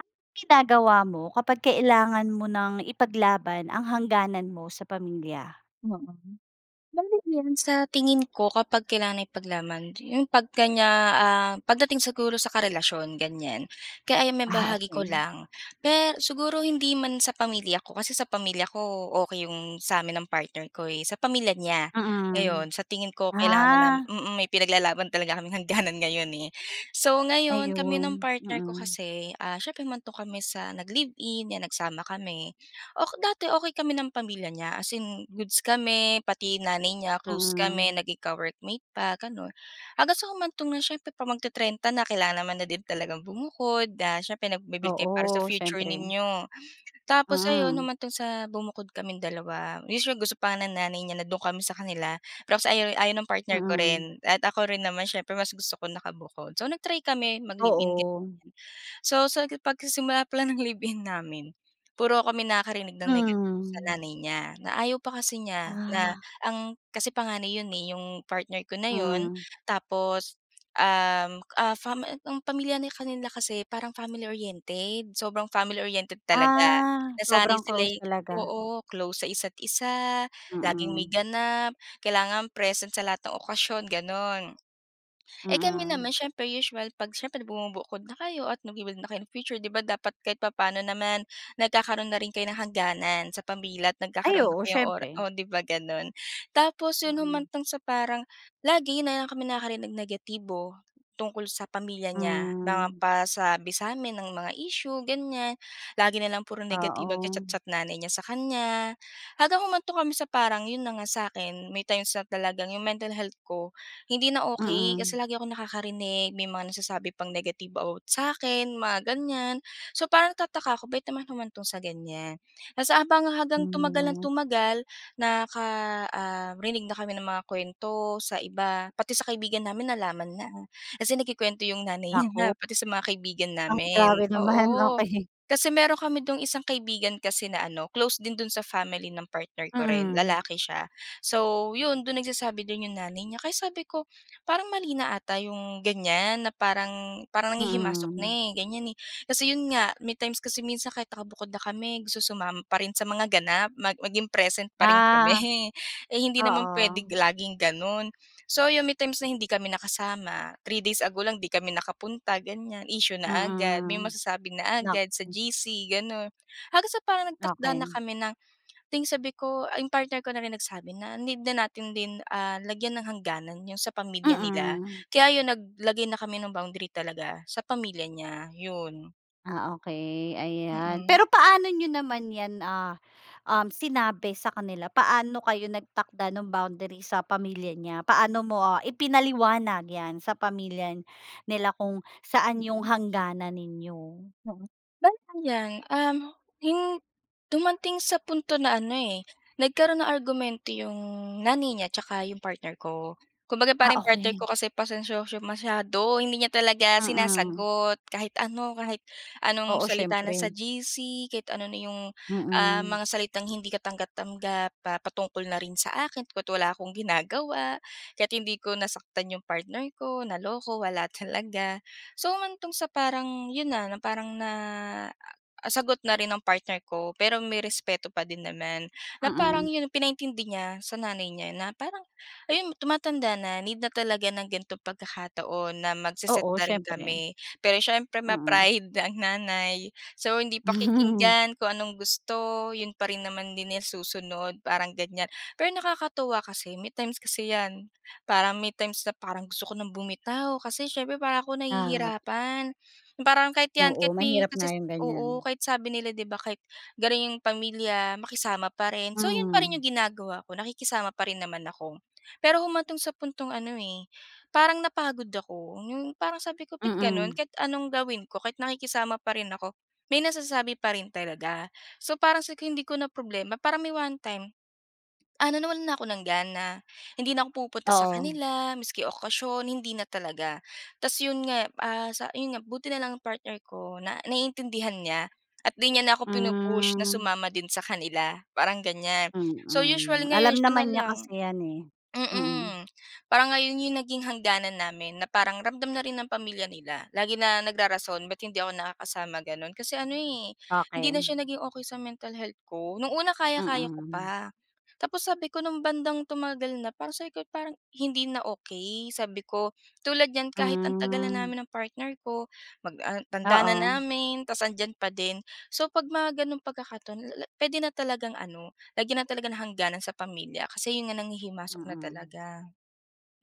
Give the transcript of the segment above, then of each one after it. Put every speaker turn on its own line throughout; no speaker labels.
Anong ginagawa mo kapag kailangan mo ng ipaglaban ang hangganan mo sa pamilya?
Oo. [unintelligible] sa tingin ko, kapag kailangan ipaglaban yung 'pag kaniya, ah, pagdating siguro sa karelasyon ganyan. Kaya ayan
Ah,
maibahagi ko
okey.
lang, pe siguro hindi man sa pamilya ko, kasi sa pamilya ko, okey 'yong sa amin ng partner ko eh, sa pamilya niya. Ngayon,
Mm.
sa tingin ko kailangan na namin
Ah.
mm, may pinaglalaban talaga kaming hanganan ngayon eh. So, ngayon kami ng
Ayun.
partner ko
Mm.
kasi, ah, siyempre humantong kami sa nag-live-in, 'yan nagsama kami. Ok dati okey kami ng pamilya niya. As in goods kami, pati nanay niya close kami,
Mm.
naging ka-workmate pa ganun. Hanggang sa humantong na siyempre 'pag magte-trenta na, kailangan naman na din talagang bumukod, ah, siyempre nagbi-build kayo para sa
Oo,
future
siyempre.
ninyo. Tapos ayun,
Mm.
humantong sa bumukod kaming dalawa. [unintelligible] gusto pa nga ng nanay niya na do'n kami sa kanila. Pero kasi ayaw-ayaw ng partner ko
Mm.
rin at ako rin naman, siyempre mas gusto ko nakabukod. So, nag-try kami mag-live-in ganyan.
Oo.
So, sa pagsisimula palang ng live-in namin, puro kami nakarinig ng negatibo sa
Hmm.
nanay niya, na ayaw pa kasi niya na
Ah.
ang kasi panganay 'yon eh, 'yong partner ko na 'yon
Hmm.
tapos, um, ah, fam ang pamilya na nila kanila kasi, parang family oriented, sobrang family oriented talaga.
Ah,
Nasanay
sobrang
sila
close
eh
talaga.
oo, close sa isa't-isa, laging may
Mm.
ganap, kailangan present sa lahat ng okasyon gano'n. Eh kami
Mm.
naman, siyempre usual 'pag siyempre bumubukod na kayo at nagbi-build na kayo ng future 'di ba dapat kahit papaano naman nagkakaroon na rin kayo ng hangganan sa pamilya at
Ay
nagkakaroon na
oo,
kayo ora
siyempre.
o 'di ba gano'n. Tapos 'yon,
Mm.
humantong sa parang, lagi na lang kami nakakarinig ng negatibo tungkol sa pamilya niya. Mga
Hmm.
pasabi sa amin ng mga issue ganyan. Lagi na lang puro negatibo, nagcha
Oo.
chat-chat nanay niya sa kanya. Hanggang humantong kami sa parang 'yon na nga sa 'kin, may times na talagang 'yong mental health ko, hindi na okey. Kasi
Mm.
lagi akong nakakarinig may mga nasasabi pang negative about sa akin, mga ganyan. So, parang nagtataka ako bakit naman humantong sa ganyan. Tapos habang hanggang tumagal ng
Hmm.
tumagal, nakaka um, rinig na kami ng mga kuwento sa iba. Pati sa kaibigan namin nalaman na, kasi nagkukuwento 'yong nanay niya na
Naku.
pati sa mga kaibigan
Ah,
namin.
grabe naman.
Oo,
Okey.
kasi mayro'n kami do'ng isang kaibigan kasi na ano, close din do'n sa family ng partner ko rin,
Mm.
lalaki siya. So, 'yon, do'n nagsasabi do'n 'yong nanay niya, kaya sabi ko, parang mali na 'ata 'yong ganyan na parang parang nanghihimasok na
Mm.
eh, ganyan eh. Kasi 'yon nga, may times kasi minsan kahit nakabukod na kami, gusto sumama pa rin sa mga ganap, mag maging present pa rin
Ah.
kami. Eh hindi naman puwedeng
Oo.
laging gano'n. So, 'yon may times na hindi kami nakasama, 3 days ago lang, 'di kami nakapunta ganyan, issue na agad. May
Mm.
masasabi na agad sa
Naku.
GC gano'n. Hanggang sa parang nagtakda na
Okey.
kami ng ding sabi ko, 'yong partner ko na rin nagsabi na need na natin din, ah, lagyan ng hangganan 'yong sa pamilya nila.
Mm.
Kaya 'yon, naglagay na kami ng boundary talaga sa pamilya niya, 'yon.
Ah, okey, ayan.
Mm.
Pero paano niyo naman 'yan, ah, um, sinabi sa kanila? Paano kayo nagtakda no'ng boundary sa pamilya niya? Paano mo ipinaliwanag 'yan, sa pamilya nila kung saan yung
Mm.
hangganan ninyo?
[unintelligible] Um, 'yong dumating sa punto na ano eh, nagkaroon ng argumento 'yong nanay niya tsaka 'yong partner ko. Kumbaga,
Ah,
parang partner
okey.
ko kasi pasensyoso masyado, hindi niya talaga
Mm.
sinasagot. Kahit ano, kahit anong
Oo,
salita na sa
siyempre.
GC, kahit ano na 'yong, ah,
Mm.
mga salitang hindi ka tanggap-tanggap, ah, patungkol na rin sa akin, kahit wala akong ginagawa. Kahit hindi ko nasaktan 'yong partner ko, naloko, wala talaga. So, humantong sa parang yun na, na parang na sagot na rin ang partner ko pero may respeto pa din naman na parang
Mm.
'yon, pinaintindi niya sa nanay niya na parang ayun, tumatanda na, need na talaga ng ganitong pagkakataon na mag-se-set
Oo,
na rin
siyempre.
kami. Pero siyempre
Mm.
ma-pride ang nanay, so, hindi pakikinggan kung anong gusto. 'Yon pa rin naman din ang susunod, parang ganyan. Pero nakakatuwa kasi may times kasi 'yan, parang may times na parang gusto ko ng bumitaw kasi siyempre para 'ko
Ah.
nahihirapan. 'Yong parang kahit 'yan, kahit
Oo,
may
mahirap nga
masasa
yung
oo,
ganyan.
kahit sabi nila 'di ba kahit garin 'yong pamilya, makisama pa rin. So, 'yon pa rin
Hmm.
'yong ginagawa ko, nakikisama pa rin naman ako. Pero humantong sa puntong ano eh, parang napagod ako. 'Yong parang sabi ko, "Ba't
Mm.
gano'n? Kahit anong gawin ko, kahit nakikisama pa rin ako, may nasasabi pa rin talaga." So, parang sabi ko, hindi ko na problema. Parang may one time, ano nawalan na ako ng gana, hindi na ako pupunta sa
Oo.
kanila, miski okasyon, hindi na talaga. Tapos 'yon nga, ah, sa 'yon nga, buti na lang ang partner ko na naiintindihan niya at 'di niya na ako pinu-push na
Hmm.
sumama din sa kanila, parang ganyan. So, usually
Mm,
ngayon
alam
siya na
naman niya
lang.
kasi 'yan eh. Mm.
Mm, parang yon nga 'yong naging hangganan namin, na parang ramdam na rin ng pamilya nila. Lagi na nagrarason ba't hindi ako nakakasama gano'n kasi ano eh, hindi na
[unintelligible]
siya naging okey sa mental health ko. No'ng una, kaya-kaya ko
Mm.
pa, tapos sabi ko no'ng bandang tumagal na, parang sabi ko, parang hindi na okey sabi ko. Tulad niyan, kahit ang tagal na
Hmm.
namin ng partner ko mag ah, tanda na
Oo.
namin tapos andiyan pa din. So, 'pag mga gano'ng pagkakataon, la-la puwede na talagang ano, lagyan na talaga ng hangganan sa pamilya. Kasi 'yon nga, nanghihimasok na
Mm.
talaga.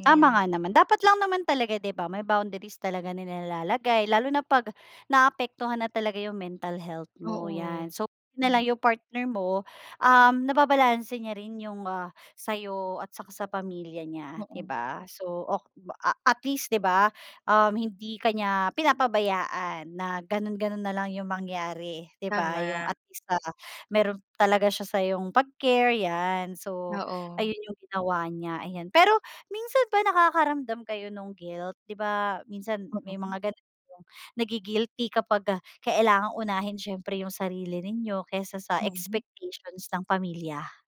'Yun
Tama
'yon.
nga naman. Dapat lang naman talaga 'di ba, may boundaries talaga na nilalagay, lalo na 'pag naapektuhan na talaga 'yong mental health mo,
Oo.
'yan. So, 'yon nalang
Tama.
'yong partner mo, um, nababalanse niya rin 'yong, ah, sa 'yo at saka sa pamilya niya 'di
Oo.
ba. So, ok ba a at least 'di ba, um, hindi ka niya pinapabayaan na ganun ganun nalang yung mangyari 'di ba. Yung
Tama.
at least, ah, mayro'n talaga siya sa'yong pag-care, 'yan. So,
Oo.
ayun yung ginawa niya, ayan. Pero, minsan ba nakakaramdam kayo nung guilt? 'Di ba minsan may
Oo.
mga ganun yung na-gi-guilty kapag, ah, kailangang unahin siyempre yung sarili ninyo kaysa sa
Mm.
expectations ng pamilya.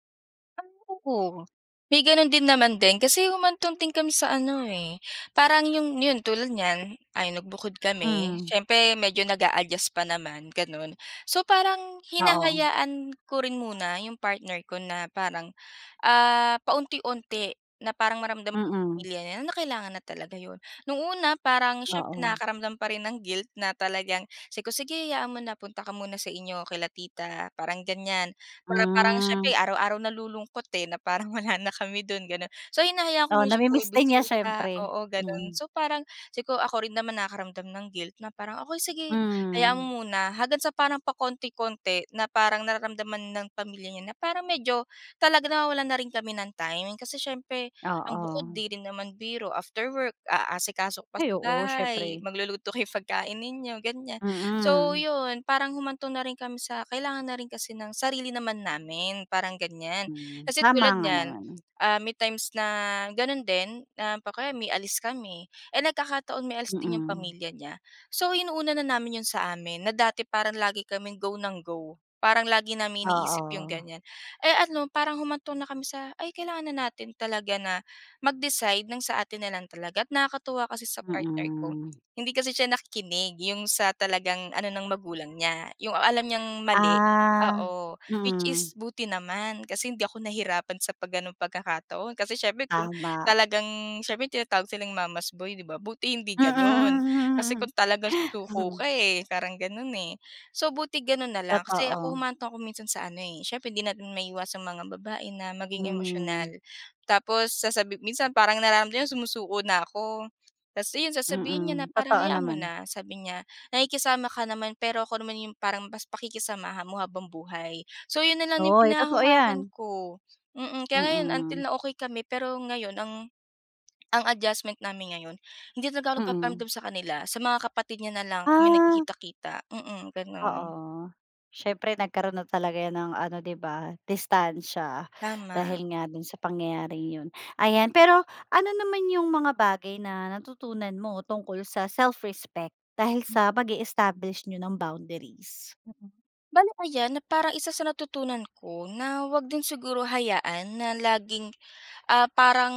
Oo, may gano'n din naman din. Kasi humantong din kami sa ano eh, parang 'yong 'yon, tulad niyan. Ay, nagbukod kami,
Hmm.
siyempre medyo nag-a-adjust pa naman, gano'n. So, parang
Oo.
hinahayaan ko rin muna 'yong partner ko na parang, ah, paunti-unti na parang maramdam ng
Mm.
pamilya niya na kailangan na talaga 'yon. No'ng una, parang siyempre
Oo.
nakakaramdam pa rin ng guilt na talagang, sabi ko, "Sige, hayaan mo na, punta ka muna sa inyo, kila tita." parang ganyan. Para parang
Hmm.
siyempre, araw-araw nalulungkot eh, na parang wala na kami do'n gano'n. So, hinahayaan
Oo,
ko siya
na-mi-miss din niya,
bumibisita
siyempre.
oo, gano'n.
Mm.
So, parang, ako rin naman nakakaramdam ng guilt na parang, "Okey sige, hayaan
Hmm.
mo muna." Hanggang sa parang pakonti-konti, na parang nararamdaman ng pamilya niya na parang medyo talaga nawawalan na rin kami ng time. Kasi siyempre, ang bukod
Oo.
'di rin naman biro, after work aasikaso ka pa sa
Ay
gawaing
oo,
bahay,
siyempre.
magluluto kayo pagkain ninyo, ganyan. So,
Mm.
'yon parang humantong na rin kami sa kailangan na rin kasi ng sarili naman namin, parang ganyan.
Hmm,
Kasi
tama
tulad
nga
niyan,
naman.
ah, may times na gano'n din [unintelligible] o kaya may alis kami, eh nagkakataon, may alis din 'yong
Mm.
pamilya niya. So, inuuna na namin 'yon sa amin, na dati parang lagi kaming go ng go. Parang lagi naming iniisip 'yong
Oo.
ganyan. Eh ano, parang humantong na kami sa ay, kailangan na natin talaga na mag-decide ng sa atin na lang talaga at nakakatuwa kasi sa partner ko,
Mm.
hindi kasi siya nakikinig. 'Yong sa talagang ano ng magulang niya 'yong alam niyang mali
Ah.
oo, which
Mm.
is buti naman kasi hindi ako nahirapan sa 'pag gano'ng pagkakataon kasi siyempre kung
Tama.
talagang siyempre tinatawag silang mama's boy 'di ba. Buti hindi gano'n, kasi kung talagang susuko ka eh, parang gano'n eh. So, buti gano'n na lang, kasi ako,
Totoo.
humantong ako minsan sa ano eh siyempre, hindi natin maiiwas ang mga babae na maging
Hmm.
emosyonal. Tapos, sasabi minsan parang nararamdam niya, sumusuko na ako. Tapos ayun, sasabihin niya na
Mm,
parang,
totoo
"Hayaan mo
naman.
na," sabi niya "nakikisama ka naman pero ako naman 'yong parang mas pakikisamahan mo habang buhay." So, 'yon na lang 'yong
Oo eh, totoo
pinanghahawakan
'yan.
ko. Mm, kaya ngayon until
Mm.
na okey kami pero ngayon ang ang adjustment namin ngayon, hindi talaga
Mm.
nagpaparamdam sa kanila. Sa mga kapatid niya na lang, kami
Ah.
nagkikita-kita. Mm, gano'n.
Oo. Siyempre nagkaroon na talaga 'yan ng ano 'di ba, distansiya
Tama.
dahil nga do'n sa pangyayaring 'yon. Ayan, pero ano naman yung mga bagay na natutunan mo tungkol sa self-respect dahil sa pag-e-establish n'yo ng boundaries?
Mm. Bale ayan, na parang isa sa natutunan ko na 'wag din siguro hayaan na laging, ah, parang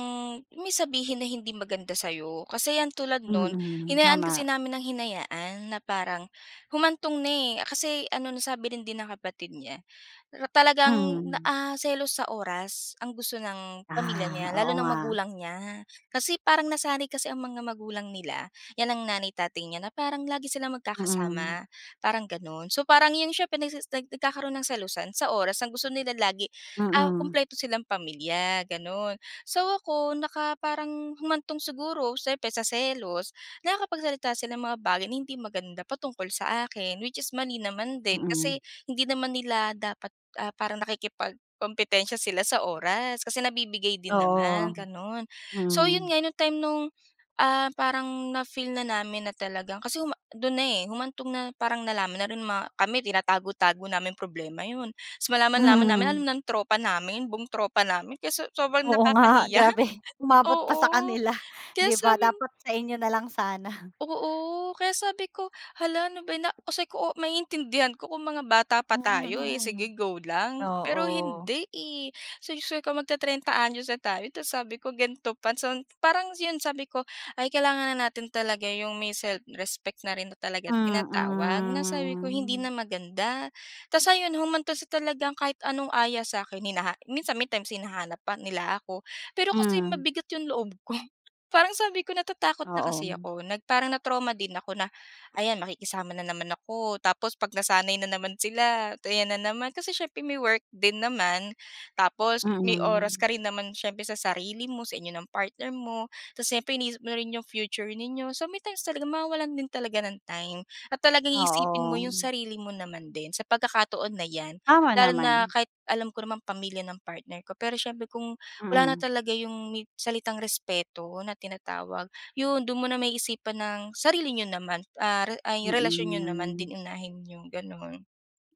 may sabihin na hindi maganda sa 'yo. Kasi yan, tulad no'n
Mm,
hinayaan kasi
tama.
namin ng hinayaan na parang humantong na eh, kasi ano, nasabi rin din ng kapatid niya, talagang na
Mhm.
ah, selos sa oras ang gusto ng pamilya
Ah,
niya, lalo
oo
ng
nga.
magulang niya. Kasi parang nasanay kasi ang mga magulang nila, 'yan ang nanay tatay niya na parang lagi silang
Mm.
magkakasama parang gano'n. So, parang 'yon siyempre nagse nagkakaroon ng selosan sa oras. Ang gusto nila lagi, ah,
Mm.
kumpleto silang pamilya ganun. So, ako, naka parang, humantong siguro siyempre sa selos, nakakapagsalita sila ng mga bagay na hindi maganda pa tungkol sa akin, which is mali naman din.
Mm.
Kasi, hindi naman nila dapat, ah, parang nakikipagkompetensya sila sa oras kasi nabibigay din naman,
Oo.
ganon. So, 'yon
Hmm.
nga no time no'ng, ah, parang na-feel na namin na talagang kasi huma do'n na eh, humantong na parang nalaman na rin ma kami, tinatago-tago naming problema, 'yon. So, malaman-laman namin,
Mhm.
alam ng tropa namin, buong tropa namin. Kaya so sobrang
Oo nga,
nakakahiya.
grabe. Umabot pa sa
Oo,
kanila, 'di ba.
sabi
Dapat sa inyo nalang sana.
Oo, kaya sabi ko "Hala, ano ba yan!" na sabi ko, maiintindihan ko kung mga bata pa tayo eh,
[unintelligible]
sige, go lang. Pero
Oo.
hindi eh, So, sabi ko, "Mag-te-trenta anyos na tayo tapos sabi ko gan'to pa." So, parang 'yon." Sabi ko "Ay kailangan na natin talaga 'yong may self-respect na rin talaga tinatawag," na sabi ko, "hindi
Mm.
na maganda." Tapos ayun humantong sa talagang kahit anong aya sa akin hinaha minsan may times hinahanap pa nila ako pero kasi
Hmm.
mabigat 'yong loob ko parang sabi ko "Natatakot na kasi
Oo.
ako nag parang na-trauma din ako na ayan makikisama na naman ako, tapos 'pag nasanay na naman sila at ayan na naman kasi siyempre may-work din naman tapos may oras
Mm.
ka rin naman siyempre sa sarili mo, sa inyo ng partner mo, tapos siyempre iniisip mo rin 'yong future ninyo." So may times sa mawawalan din talaga ng time at talagang iisipin mo yung
Oo
sarili mo naman din sa pagkakataon na yan,
Tama
lalo na
naman.
kahit alam ko namang pamilya ng partner ko pero siyempre, kung wala na
Mm.
talaga 'yong may salitang respeto na tinatawag 'yon doon mo maiisipan ang sarili ninyo naman, a-ay relasyon niyo naman
Mm.
din unahin niyo gano'n.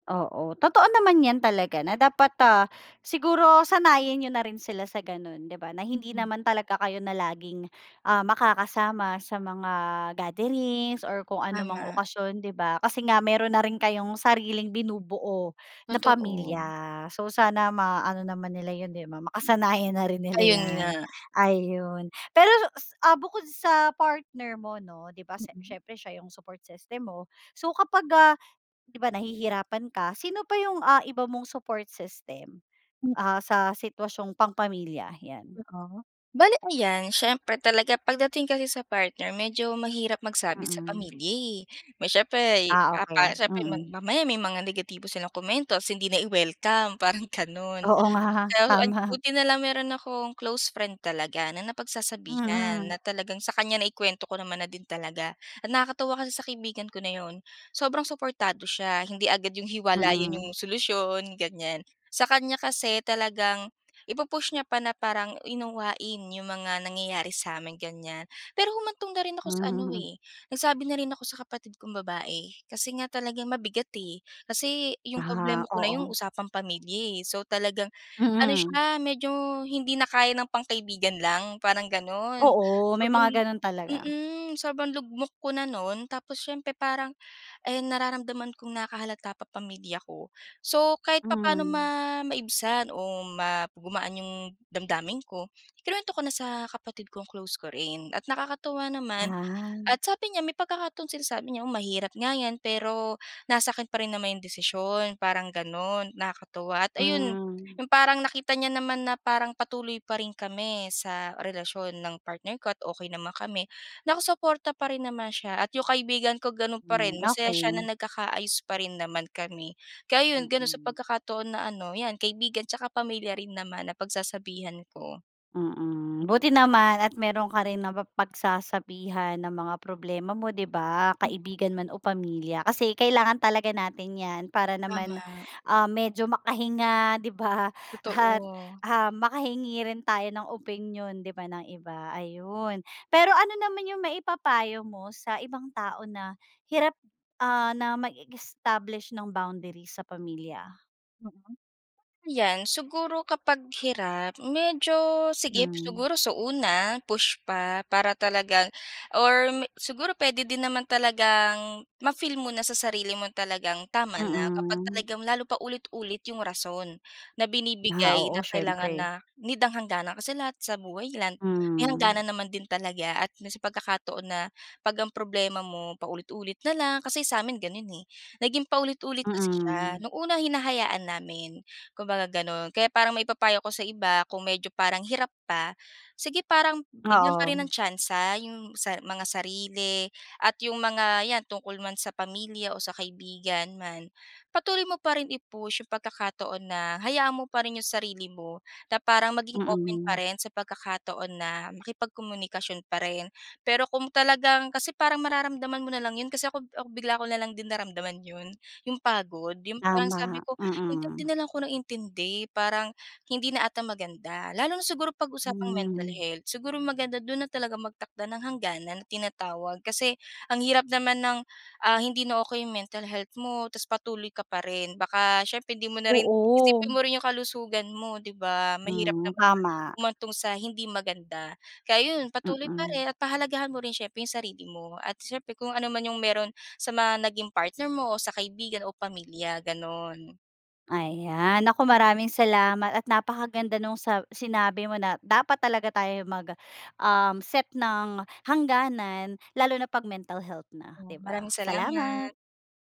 Oo, totoo naman 'yan talaga na dapat, ah, siguro sanayin niyo na rin sila sa ganun, 'di ba. Na hindi
Mm.
naman talaga kayo na laging, ah, makakasama sa mga gatherings or kung anumang
Tama.
okasyon 'di ba. Kasi nga, mayro'n na rin kayong sariling binubuo na
Totoo.
pamilya. So, sana maano naman nila yun 'di ba, makasanayan na rin nila
Ayun
'yan.
nga.
Ayun, pero ah, bukod sa partner mo 'no, 'di ba sa
Mm.
siyempre siya yung support system mo. So, kapag, ah, 'di ba nahihirapan ka, sino pa yung, ah, iba mong support system?
[unintelligible]
Ah, sa sitwasyong pang pamilya, 'yan?
Oo. Bale ayan, siyempre talaga pagdating kasi sa partner, medyo mahirap magsabi sa
Mm.
pamilya eh. May siyempre
Ah
papa
okey.
siyempre
Mm.
mamaya may mga negatibo silang komento tapos hindi na i-welcome, parang ganun.
Oo nga,
Kaso an
tama.
buti na lang mayro'n akong close friend talaga na napagsasabihan.
Mhm.
Na talagang sa kanya, na i-kuwento ko naman na din talaga. At nakakatuwa kasi sa kaibigan ko na 'yon sobrang suportado siya hindi agad 'yong hiwalay 'yon
Mm.
'yong solusyon ganyan sa kanya kasi talagang i-pu-push niya pa na parang, unawain 'yong mga nangyayari sa amin ganyan. Pero humantong na rin ako sa ano
Hmm.
nagsabi na rin ako sa kapatid kong babae, kasi nga talagang mabigat eh kasi 'yong problema
Ah,
ko na 'yong
oo.
usapang pamilya. So talagang ano
Mhm.
siya medyo hindi na kaya ng pangkaibigan lang parang gano'n.
Oo, may
Sobrang
mga ganun talaga.
mhm, sobrang lugmok ko na no'n tapos siyempre parang nararamdaman kong nakahalata pa pamilya ko, so kahit papaano ma
Hmm.
maibsan o ma gumaan 'yong damdamin ko, i-kinuwento ko na sa kapatid kong close ko rin at nakakatuwa naman
Ah.
at sabi niya may pagkakataon sinasabi niyang mahirap nga 'yan, pero nasa akin pa rin naman 'yong desisyon parang gano'n. Nakakatuwa at ayun
Hmm.
yung parang nakita niya naman na parang patuloy pa rin kami sa relasyon ng partner ko at okey naman kami, nakasuporta pa rin naman siya at 'yong kaibigan ko ganun pa
Hmm,
rin masaya siya na
okey.
nagkakaayos pa rin naman kami kaya yun gano'n sa
Mm.
pagkakataon na, ano 'yan kaibigan at saka pamilya rin naman na pagsasabihan ko.
Mm. Buti naman at mayro'n ka rin na-pa pagsasabihan ng mga problema mo 'di ba, kaibigan man o pamilya. Kasi kailangan talaga natin 'yan, para naman,
Tama.
ah, medyo makahinga 'di ba at,
Totoo.
ah, makahingi rin tayo ng opinyon 'di ba ng iba. Ayun, pero ano naman yung maipapayo mo sa ibang tao na hirap, ah, na mag-establish no'ng boundary sa pamilya?
[unintelligible] 'Yan siguro kapag hirap medyo sige
Mhm.
siguro sa una push pa para talagang or siguro puwede din naman talagang ma-feel mo na sa sarili mo talagang tama na kapag
Mm.
talagang lalo paulit-ulit 'yong rason na
Ah
binibigay
oo,
na kailangan na
siyempre.
need ng hangganan kasi lahat sa buhay lan-may
Hmm.
hangganan naman din talaga at pagkakataon na 'pag ang problema mo paulit-ulit na lang kasi sa amin gano'n eh naging paulit-ulit kasi siya
Mm.
nu'ng unang hinahayaan namin kumbaga gano'n kaya parang maipapayo ako sa iba kung medyo parang hirap pa sige parang bigyan pa rin
Oo.
ang tsansa 'yong sa mga sarili at 'yong mga 'yan tungkol man sa pamilya o sa kaibigan man patuloy mo pa rin i-push 'yong pagkakataon na hayaan mo pa rin 'yong sarili mo na parang maging open pa
Mm.
rin sa pagkakataon na makipagkomunikasyon pa rin pero kung talagang kasi parang mararamdaman mo na lang 'yon kasi ako-ako bigla ko na lang din naramdaman 'yon 'yong pagod 'yong parang
Tama,
sabi ko intindi
mm.
na lang ako ng intindi parang hindi na 'ata maganda lalo na siguro pag-usapang mental
Hmm.
health siguro maganda do'n talagang magtakda ng hangganan na tinatawag kasi ang hirap naman ng ah hindi na okey 'yong mental health mo tas patuloy ka pa rin baka siyempre hindi mo na rin isipin
Oo.
mo rin 'yong kalusugan mo 'di ba mahirap
Hmm,
naman
tama.
humantong sa hindi maganda kaya 'yon patuloy pa
Mm.
rin at pahalagahan mo rin siyempre 'yong sarili mo at siyempre kung ano man 'yong mayro'n sa mga naging partner mo o sa kaibigan o pamilya gano'n
Ayan. Naku, maraming salamat at napakaganda nung sab sinabi mo na dapat talaga tayo mag um, set ng hangganan lalo na 'pag mental health na,
Oo,
'di
maraming
ba. Salamat.
salamat.